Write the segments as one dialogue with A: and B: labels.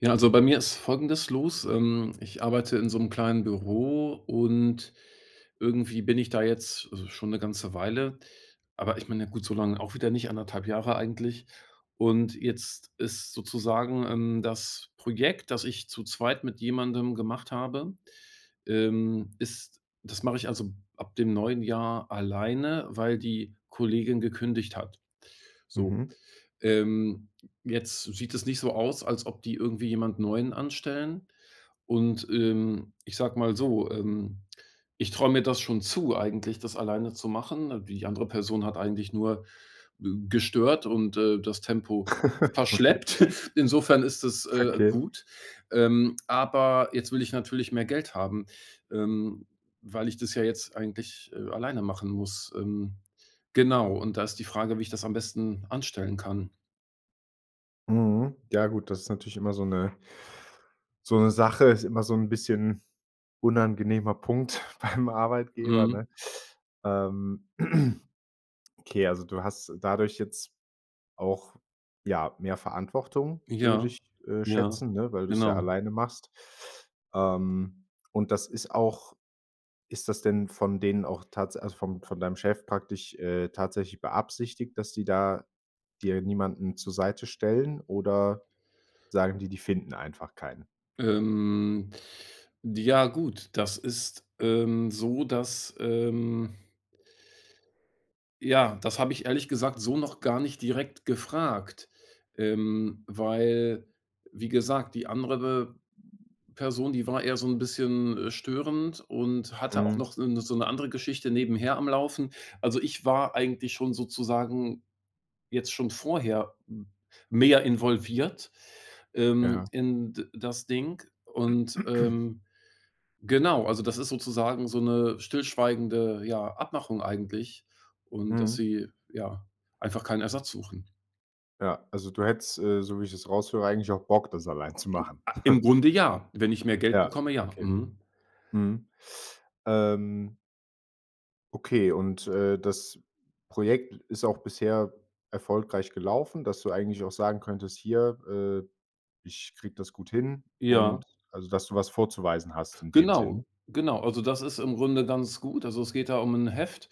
A: Ja. Also, bei mir ist folgendes los, ähm, ich arbeite in so 'm kleinen Büro. Und irgendwie bin ich da jetzt schon 'ne ganze Weile. Aber ich meine ja gut, so lange auch wieder nicht 1,5 Jahre eigentlich. Und jetzt ist sozusagen, ähm, das Projekt, das ich zu 2 mit jemandem gemacht habe. Ähm, ist das mache ich, also, ab dem neuen Jahr alleine, weil die Kollegin gekündigt hat, so.
B: Mhm.
A: Ähm, jetzt sieht es nicht so aus, als ob die irgendwie jemanden neuen anstellen. Und, ähm, ich sage mal so, ähm, ich traue mir das schon zu eigentlich, das alleine zu machen. Die andere Person hat eigentlich nur gestört und, äh, das Tempo
B: Okay.
A: verschleppt. Insofern ist das, äh,
B: Okay.
A: gut. Ähm, aber jetzt will ich natürlich mehr Geld haben. Ähm, weil ich das ja jetzt eigentlich, äh, alleine machen muss. Ähm, genau. Und da ist die Frage, wie ich das am besten anstellen kann?
B: Mhm, ja gut, das ist natürlich immer so 'ne so 'ne Sache ist immer so 'n bisschen unangenehmer Punkt beim Arbeitgeber, ne?
A: Mhm.
B: Ähm, okay, also, du hast dadurch jetzt auch, ja, mehr Verantwortung, würde
A: Ja,
B: ich, äh,
A: ja,
B: schätzen, ne, weil du es ja
A: genau.
B: alleine machst. Ähm, und das ist auch ist das denn von denen auch tats also von von deinem Chef praktisch, äh, tatsächlich beabsichtigt, dass die da dir niemanden zur Seite stellen oder sagen die, die finden einfach keinen?
A: Ähm. Ja, gut, dass ist, ähm, so, dass, ähm ja, das habe ich ehrlich gesagt so noch gar nicht direkt gefragt, ähm, weil, wie gesagt, die andere Person, die war eher so 'n bisschen, äh, störend und hatte auch
B: Mhm.
A: noch, äh, so 'ne andere Geschichte nebenher am Laufen. Also, ich war eigentlich schon sozusagen jetzt schon vorher m mehr involviert, ähm,
B: Ja.
A: in d das Ding und, ähm, genau. Also, das ist sozusagen so 'ne stillschweigende, ja Abmachung eigentlich. Und dass
B: Mhm.
A: sie, ja einfach keinen Ersatz suchen.
B: Ja, also, du hättest, äh, so wie ich das raushöre, eigentlich auch Bock, das alleine zu
A: M
B: machen?
A: a im Grunde ja, wenn ich mehr Geld
B: Ja,
A: bekomme, ja,
B: okay.
A: mhm.
B: Mhm. Ähm okay und, äh, das Projekt ist auch bisher erfolgreich gelaufen, dass du eigentlich auch sagen könntest: „Hier, äh, ich kriege das gut hin.”
A: Ja.
B: Und also, dass du was vorzuweisen hast in dem
A: Genau.
B: Sinne?
A: Genau. Also, das ist im Grunde ganz gut. Also, es geht da um 'n Heft.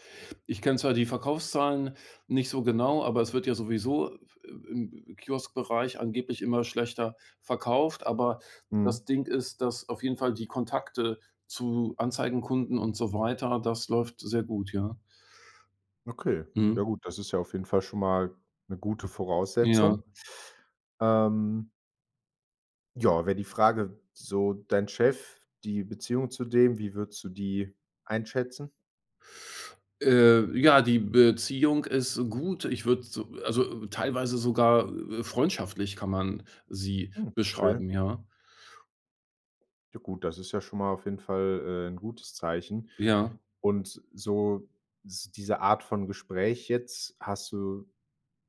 A: Ich kenne zwar die Verkaufszahlen nicht so genau, aber es wird ja sowieso, i i i im Kioskbereich angeblich immer schlechter verkauft. Aber
B: Mhm.
A: das Ding ist, dass auf jeden Fall die Kontakte zu Anzeigenkunden und so weiter, das läuft sehr gut, ja.
B: Okay, ja
A: Mhm.
B: gut, das ist ja auf jeden Fall schon mal 'ne gute
A: Ja.
B: Voraussetzung, ähm Ja, wäre die Frage, so dein Chef, die Beziehung zu dem, wie würdest du die einschätzen?
A: Äh, ja, die Beziehung ist gut. Ich würde so also, teilweise sogar, äh, äh, freundschaftlich kann man sie
B: Hm, okay.
A: beschreiben, ja.
B: Ja gut, das ist ja schon mal auf jeden Fall, äh, 'n gutes Zeichen.
A: Ja.
B: Und s so s diese Art von Gespräch jetzt, hast du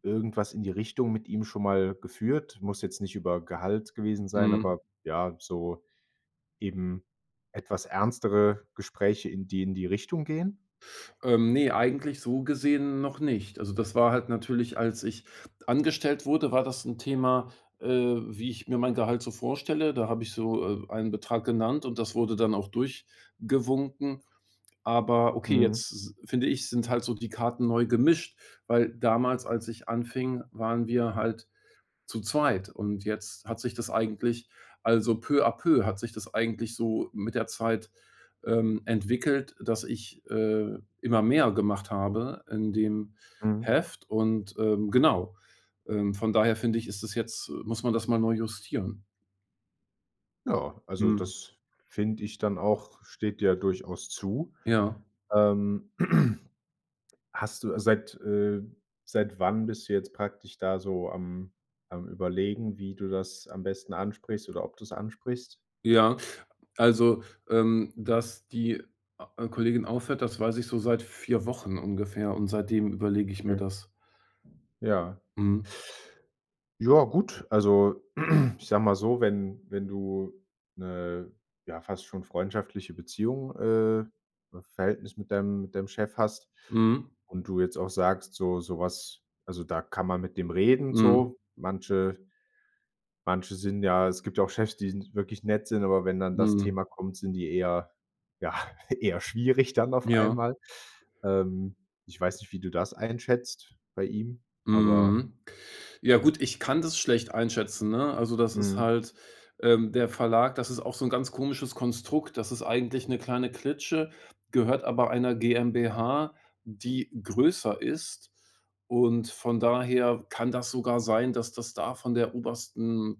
B: irgendwas in die Richtung mit ihm schon mal geführt? Muss jetzt nicht über Gehalt gewesen sein,
A: Mhm.
B: aber, ja, so eben etwas ernstere Gespräche, in die in die Richtung gehen?
A: Ähm, ne, eigentlich so gesehen noch nicht. Also, das war halt natürlich, als ich angestellt wurde, war das 'n Thema, äh, wie ich mir mein Gehalt so vorstelle. Da habe ich so, äh, einen Betrag genannt. Und das wurde dann auch durchgewunken. Aber okay,
B: Mhm.
A: jetzt s finde ich, sind halt so die Karten neu gemischt, weil damals, als ich anfing, waren wir halt zu zweit. Und jetzt hat sich das eigentlich also, peu à peu hat sich das eigentlich so mit der Zeit, ähm, entwickelt, dass ich, äh, immer mehr gemacht habe in dem
B: Mhm.
A: Heft und, ähm, genau. Ähm, von daher finde ich, ist das jetzt muss man das mal neu justieren.
B: Ja, also,
A: Mhm.
B: das finde ich dann auch, steht dir durchaus zu.
A: Ja.
B: Ähm, hast du seit, äh seit wann bist du jetzt praktisch da so am am Überlegen, wie du das am besten ansprichst oder ob du das ansprichst?
A: Ja, also, ähm, dass die a Kollegin aufhört, das weiß ich so seit 4 Wochen ungefähr. Und seitdem überlege ich mir
B: Okay.
A: das.
B: Ja.
A: Mhm.
B: Ja, gut, also, ich sage mal so, wenn wenn du 'ne, ja fast schon freundschaftliche Beziehung äh, V Verhältnis mit deinem mit deinem Chef hast
A: Mhm.
B: und du jetzt auch sagst, so sowas also, da kann man mit dem reden,
A: Mhm.
B: so, manche manche sind ja es gibt ja auch Chefs, die wirklich nett sind, aber wenn dann das
A: Mhm.
B: Thema kommt, sind die eher, ja, eher schwierig dann auf
A: Ja.
B: einmal. Ähm, ich weiß nicht, wie du das einschätzt bei ihm, aber
A: Mhm. Ja gut, ich kann das schlecht einschätzen ne? Also, das ist
B: Mhm.
A: halt ähm, der Verlag, das ist auch so 'n ganz komisches Konstrukt. Das ist eigentlich 'ne kleine Klitsche, gehört aber einer GmbH, die größer ist. Und von daher kann das sogar sein, dass das da von der obersten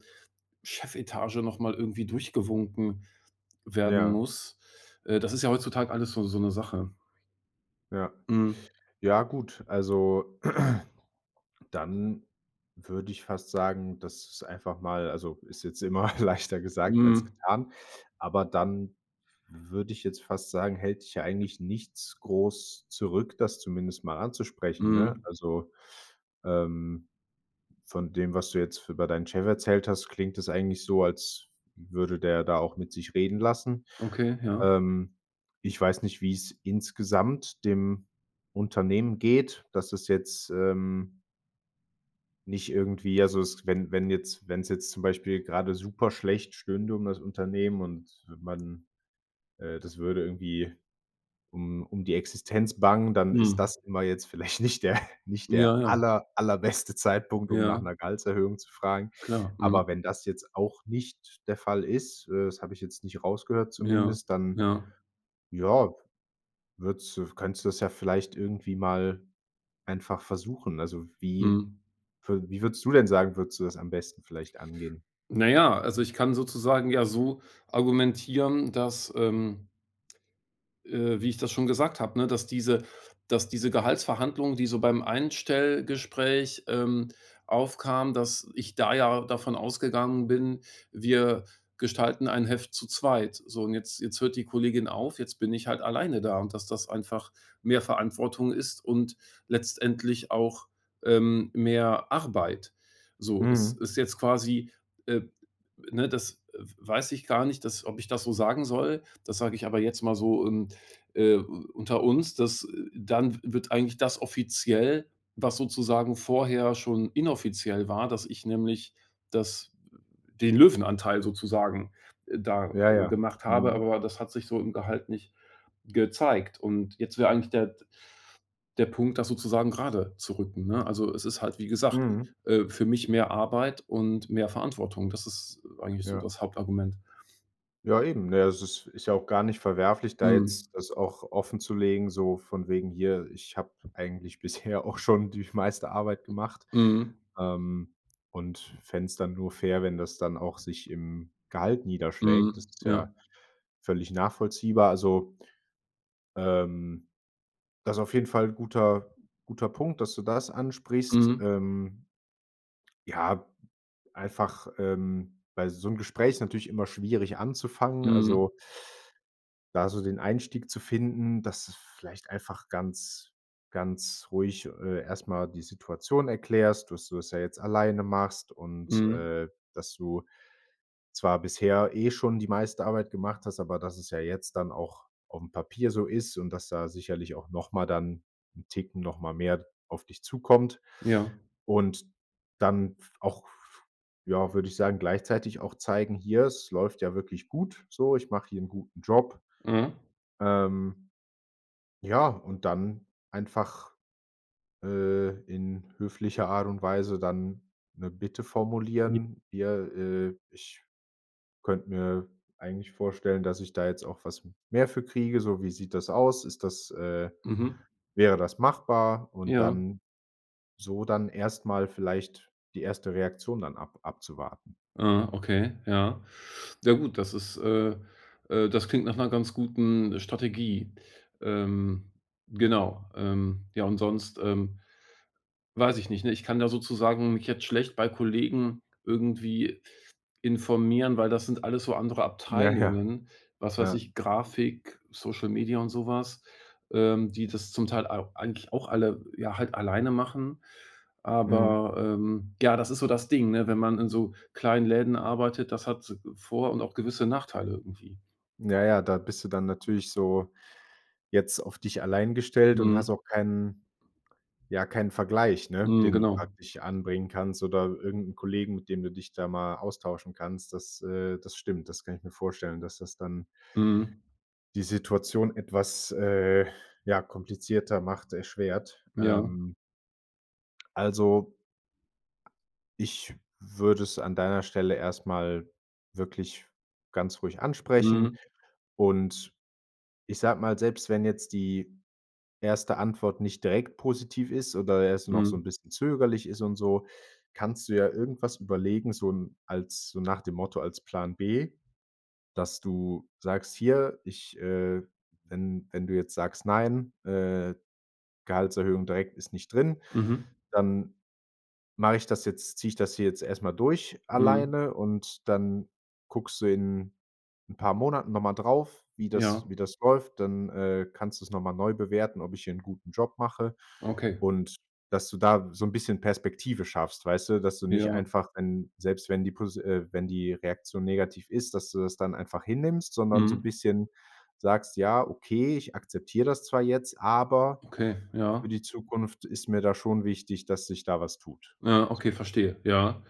A: Chefetage noch mal irgendwie durchgewunken werden
B: Ja.
A: muss. Äh, das ist ja heutzutage alles so so 'ne Sache.
B: Ja.
A: Mhm.
B: Ja, gut, also dann würde ich fast sagen, dass es einfach mal also, ist jetzt immer leichter gesagt als
A: Mhm.
B: getan. Aber dann würde ich jetzt fast sagen, hält dich ja eigentlich nichts groß zurück, das zumindest mal anzusprechen, ne?
A: Mhm.
B: Also, ähm, von dem, was du jetzt f über deinen Chef erzählt hast, klingt das eigentlich so, als f würde der da auch mit sich reden lassen.
A: Okay, ja.
B: Ähm, ich weiß nicht, wie's insgesamt dem Unternehmen geht, dass es jetzt, ähm nicht irgendwie also, s wenn wenn jetzt wenn's jetzt zum Beispiel gerade super schlecht stünde um das Unternehmen und man äh, das würde irgendwie um um die Existenz bangen, dann ist
A: Mhm.
B: das immer jetzt vielleicht nicht der nicht
A: Ja,
B: der
A: ja.
B: aller allerbeste Zeitpunkt, um nach
A: Ja.
B: 'ner Gehaltserhöhung zu fragen.
A: Klar, mhm.
B: Aber wenn das jetzt auch nicht der Fall ist, äh, das habe ich jetzt nicht rausgehört
A: Ja,
B: zumindest, dann,
A: ja.
B: ja, würdest du könntest du das ja vielleicht irgendwie mal einfach versuchen. Also, wie
A: Mhm.
B: wü wie würdest du denn sagen würdest du das am besten vielleicht angehen?
A: Na ja, also, ich kann sozusagen ja so argumentieren, dass, ähm äh, wie ich das schon gesagt habe, ne? Dass diese dass diese Gehaltsverhandlungen, die so beim Einstellgespräch, ähm, aufkam, dass ich da ja davon ausgegangen bin, wir gestalten ein Heft zu zweit. So und jetzt jetzt hört die Kollegin auf, jetzt bin ich halt alleine da. Und dass das einfach mehr Verantwortung ist und letztendlich auch, ähm, mehr Arbeit. So es
B: Mhm.
A: ist jetzt quasi, äh ne, das, äh, w weiß ich gar nicht, das ob ich das so sagen soll. Das sage ich aber jetzt mal so, ähm, äh, u unter uns, dass, äh dann w wird eigentlich das offiziell, was sozusagen vorher schon inoffiziell war, dass ich nämlich das den Löwenanteil sozusagen, äh, da,
B: Ja,
A: äh,
B: ja,
A: gemacht habe.
B: mhm.
A: Aber das hat sich so im Gehalt nicht gezeigt. Und jetzt wäre eigentlich der d der Punkt, das sozusagen grade zu rücken, ne? Also, es ist halt, wie gesagt,
B: Mhm.
A: äh, für mich mehr Arbeit und mehr Verantwortung. Das ist eigentlich so
B: Ja.
A: das Hauptargument.
B: Ja, eben, ne, das ist ist ja auch gar nicht verwerflich, da
A: Mhm.
B: jetzt das auch offenzulegen, so von wegen „hier, ich habe eigentlich bisher auch schon die meiste Arbeit gemacht,
A: Mhm.
B: ähm, und fände es dann nur fair, wenn das dann auch sich im Gehalt niederschlägt,” das
A: Mhm,
B: ist
A: ja.
B: ja völlig nachvollziehbar, also, ähm, das auf jeden Fall 'n guter guter Punkt, dass du das ansprichst,
A: Mhm.
B: ähm ja, einfach, ähm, weil so 'n Gespräch ist natürlich immer schwierig anzufangen,
A: Mhm.
B: also da so den Einstieg zu finden, dass es vielleicht einfach ganz ganz ruhig, äh, erstmal die Situation erklärst, dass du das ja jetzt alleine machst und,
A: Mhm.
B: äh, dass du zwar bisher eh schon die meiste Arbeit gemacht hast, aber dass es ja jetzt dann auch aufm Papier so ist und dass da sicherlich auch noch mal dann 'n Ticken noch mal mehr auf dich zukommt.
A: Ja.
B: Und dann f auch, f ja, würde ich sagen, gleichzeitig auch zeigen „Hier es läuft ja wirklich gut so. Ich mache hier 'n guten Job.”
A: Mhm.
B: Ähm, ja, und dann einfach, äh, in höflicher Art und Weise dann 'ne Bitte
A: J
B: formulieren: „Hier, äh, ich könnte mir eigentlich vorstellen, dass ich da jetzt auch was mehr für kriege, so wie sieht das aus? Ist das, äh
A: Mhm.
B: wäre das machbar?” Und
A: Ja.
B: dann so dann erst mal vielleicht die erste Reaktion dann ab abzuwarten.
A: Aha, okay, ja. Ja, gut, das ist äh, äh, das klingt nach 'ner ganz guten Strategie. Ähm, genau, ähm, ja, und sonst, ähm, weiß ich nicht, ne, ich kann ja sozusagen mich jetzt schlecht bei Kollegen irgendwie informieren, weil das sind alles so andere
B: Ja, ja.
A: Abteilungen. Was weiß
B: Ja.
A: ich? Grafik, Social Media und sowas, ähm, die das zum Teil au eigentlich auch alle, ja halt alleine machen.
B: Mhm.
A: Aber, ähm, ja, das ist so das Ding, ne, wenn man in so kleinen Läden arbeitet. Das hat so vor und auch gewisse Nachteile irgendwie.
B: Ja, ja, da bist du dann natürlich so jetzt auf dich allein gestellt und hast
A: Mhm.
B: auch keinen ja, keinen Vergleich, ne?
A: Mhm,
B: Den du
A: genau.
B: praktisch anbringen kannst oder irgend 'n Kollegen, mit dem du dich da mal austauschen kannst, das äh, das stimmt. Das kann ich mir vorstellen, dass das dann
A: Mhm.
B: die Situation etwas, äh, ja, komplizierter macht, erschwert,
A: Ja.
B: ähm also ich würde es an deiner Stelle erstmal wirklich ganz ruhig ansprechen.
A: Mhm.
B: Und ich sage mal, selbst wenn jetzt die 1. Antwort nicht direkt positiv ist oder erst noch so 'n
A: Mhm.
B: bisschen zögerlich ist und so, kannst du ja irgendwas überlegen, so 'n als so nach dem Motto als Plan B, dass du sagst: „Hier, ich, äh wenn wenn du jetzt sagst, nein, äh, Gehaltserhöhung direkt ist nicht drin,
A: Mhm.
B: dann mache ich das jetzt ziehe ich das hier jetzt erstmal durch,
A: Mhm.
B: alleine“. Und dann guckst du in 'n paar Monaten nochmal drauf, wie das
A: Ja.
B: wie das läuft, dann, äh, kannst du es nochmal neu bewerten: „Ob ich hier 'nen guten Job mache”,
A: Okay.
B: und dass du da so 'n bisschen Perspektive schaffst, weißt du, dass du nicht
A: Ja.
B: einfach 'n selbst, wenn die Posi äh, wenn die Reaktion negativ ist, dass du das dann einfach hinnimmst, sondern so 'n
A: Mhm.
B: bisschen sagst: „Ja, okay, ich akzeptiere das zwar jetzt, aber
A: Okay,
B: für
A: ja.
B: die Zukunft ist mir da schon wichtig, dass sich da was tut,
A: Ja. Okay,
B: so.”
A: verstehe. Ja.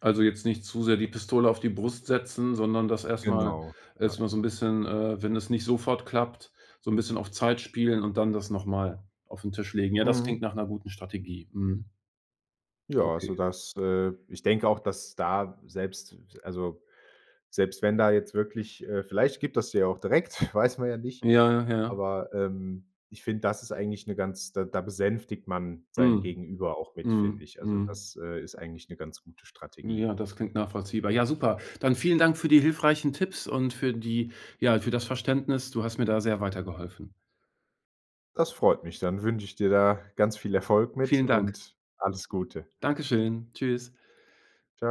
A: Also, jetzt nicht zu sehr die Pistole auf die Brust setzen, sondern das erst mal
B: Genau, ja.
A: erst mal so 'n bisschen, äh, wenn es nicht sofort klappt, so 'n bisschen auf Zeit spielen und dann das noch mal auf 'n Tisch legen. Ja, das
B: Mhm.
A: klingt nach 'ner guten Strategie, mhm.
B: Ja,
A: Okay.
B: also das äh, ich denke auch, dass da selbst also, selbst, wenn da jetzt wirklich äh, vielleicht gibt er es dir ja auch direkt, weiß man ja nicht,
A: Ja, ja, ja.
B: aber, ähm, ich finde das ist eigentlich 'ne ganz da da besänftigt man sein
A: Mhm,
B: Gegenüber auch mit, finde
A: mhm,
B: ich. Also,
A: mhm.
B: das, äh, ist eigentlich 'ne ganz gute Strategie.
A: Ja, das klingt nachvollziehbar. Ja, super. Dann vielen Dank für die hilfreichen Tipps und für die ja, für das Verständnis. Du hast mir da sehr weitergeholfen.
B: Das freut mich. Dann wünsche ich dir da ganz viel Erfolg mit
A: Vielen Dank.
B: und alles Gute.
A: Dankeschön. Tschüss.
B: Tschau.